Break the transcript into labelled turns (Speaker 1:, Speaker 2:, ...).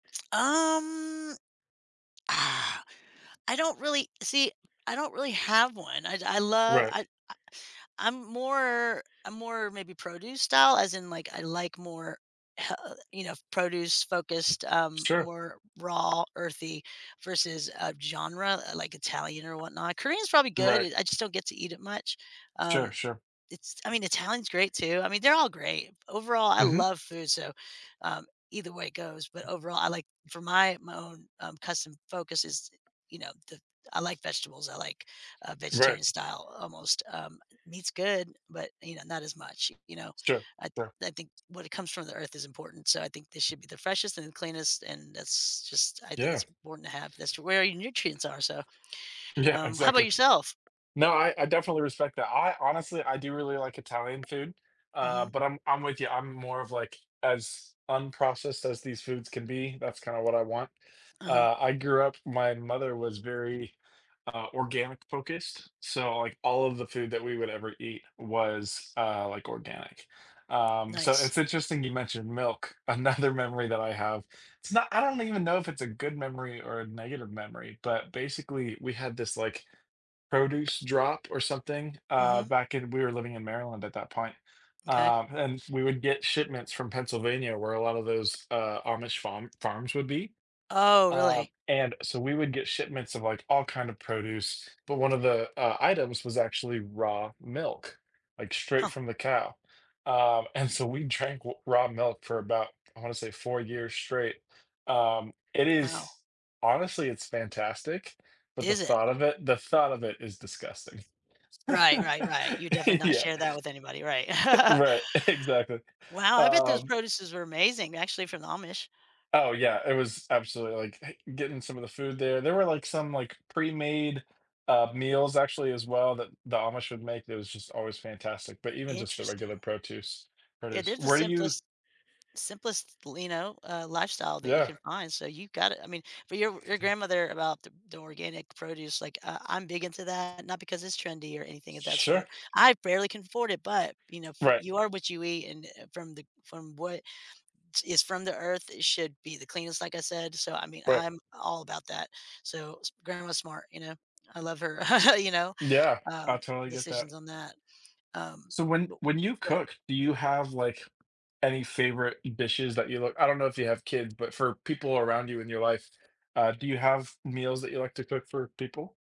Speaker 1: Um, ah, I don't really see, I don't really have one. I I love
Speaker 2: Right.
Speaker 1: I I I I'm more I'm more more maybe produce style as in, like, I like more, h uh you know, produce focused,
Speaker 2: It's
Speaker 1: um,
Speaker 2: true.
Speaker 1: more raw earthy versus a genre, like, Italian or whatnot. Korean is probably good,
Speaker 2: Right.
Speaker 1: I just don't get to eat it much.
Speaker 2: Sure,
Speaker 1: Um,
Speaker 2: sure.
Speaker 1: it's I mean Italian's great too. I mean they're all great, overall I
Speaker 2: Mhm.
Speaker 1: love food so, um, either way it goes, but overall I like for my my own, um, custom focus is, you know, the I like vegetables, I like, uh,
Speaker 2: Right.
Speaker 1: vegetarian style, almost, um, meat's good, but, you know, not as much, you know,
Speaker 2: It's true,
Speaker 1: I
Speaker 2: sure.
Speaker 1: I think when it comes from the earth is important, so I think this should be the freshest and the cleanest, and that's just I think
Speaker 2: Yeah.
Speaker 1: it's important to have this to where your nutrients are, so,
Speaker 2: Yeah,
Speaker 1: um, how about
Speaker 2: exactly.
Speaker 1: yourself?
Speaker 2: No, I I definitely respect that. I honestly, I do really like Italian food, uh,
Speaker 1: Mhm.
Speaker 2: but I'm I'm with ya, I'm more of, like, as unprocessed as these foods can be, that's kind of what I want.
Speaker 1: Uh-huh.
Speaker 2: Uh, I grew up my mother was very, uh, organic-focused, so, like, all of the food that we would ever eat was, uh, like, organic. Um, so
Speaker 1: Nice.
Speaker 2: it's interesting you mentioned milk, another memory that I have it's not I don't even know if it's a good memory or a negative memory, but basically we had this, like, produce drop or something, uh,
Speaker 1: Mhm.
Speaker 2: back in we were living in Maryland at that point,
Speaker 1: Okay.
Speaker 2: um, and we would get shipments from Pennsylvania where a lot of those, uh, Amish farm farms would be,
Speaker 1: Oh,
Speaker 2: uh,
Speaker 1: really?
Speaker 2: and so we would get shipments of, like, all kinds of produce, but one of the, uh, items was actually raw milk, like, straight
Speaker 1: Huh.
Speaker 2: from the cow. Um, and so we drank w raw milk for about, I want to say 4 years straight. Um, it
Speaker 1: Wow.
Speaker 2: is honestly, it's fantastic, but the
Speaker 1: Is it?
Speaker 2: thought of it the thought of it is disgusting.
Speaker 1: Right, right, right, you definitely not
Speaker 2: Yeah.
Speaker 1: share that with anybody, right.
Speaker 2: Right, exactly,
Speaker 1: Wow, I bet those
Speaker 2: um
Speaker 1: produces are amazing actually from the Amish.
Speaker 2: Oh yeah, it was absolutely, like eh, getting some of the food there there were, like, some, like, pre-made, uh, meals actually as well that the Amish would make. It was just always fantastic, but even just the regular
Speaker 1: Interesting.
Speaker 2: protuce
Speaker 1: Yeah,
Speaker 2: produce.
Speaker 1: there's the
Speaker 2: Where do you
Speaker 1: simplest simplest, l know, uh, lifestyle that you
Speaker 2: Yeah.
Speaker 1: can find, so you've got it, I mean, for your your grandmother about the the organic produce, like, uh, I'm big into that, not because it's trendy or anything of that
Speaker 2: Sure.
Speaker 1: sort. I barely can afford it, but, you know, for
Speaker 2: Right.
Speaker 1: you are what you eat and, eh, from the from what is from the earth, it should be the cleanest, like I said, so I mean,
Speaker 2: Right.
Speaker 1: I'm all about that. So s grandma's smart, you know, I love her, you know,
Speaker 2: Yeah, I
Speaker 1: um,
Speaker 2: totally get that.
Speaker 1: decisions on that, um,
Speaker 2: So when
Speaker 1: but
Speaker 2: when you
Speaker 1: but
Speaker 2: cook, do you have, like, any favorite dishes that you look I don't know if you have kids, but for people around you in your life, uh, do you have meals that you like to cook for people?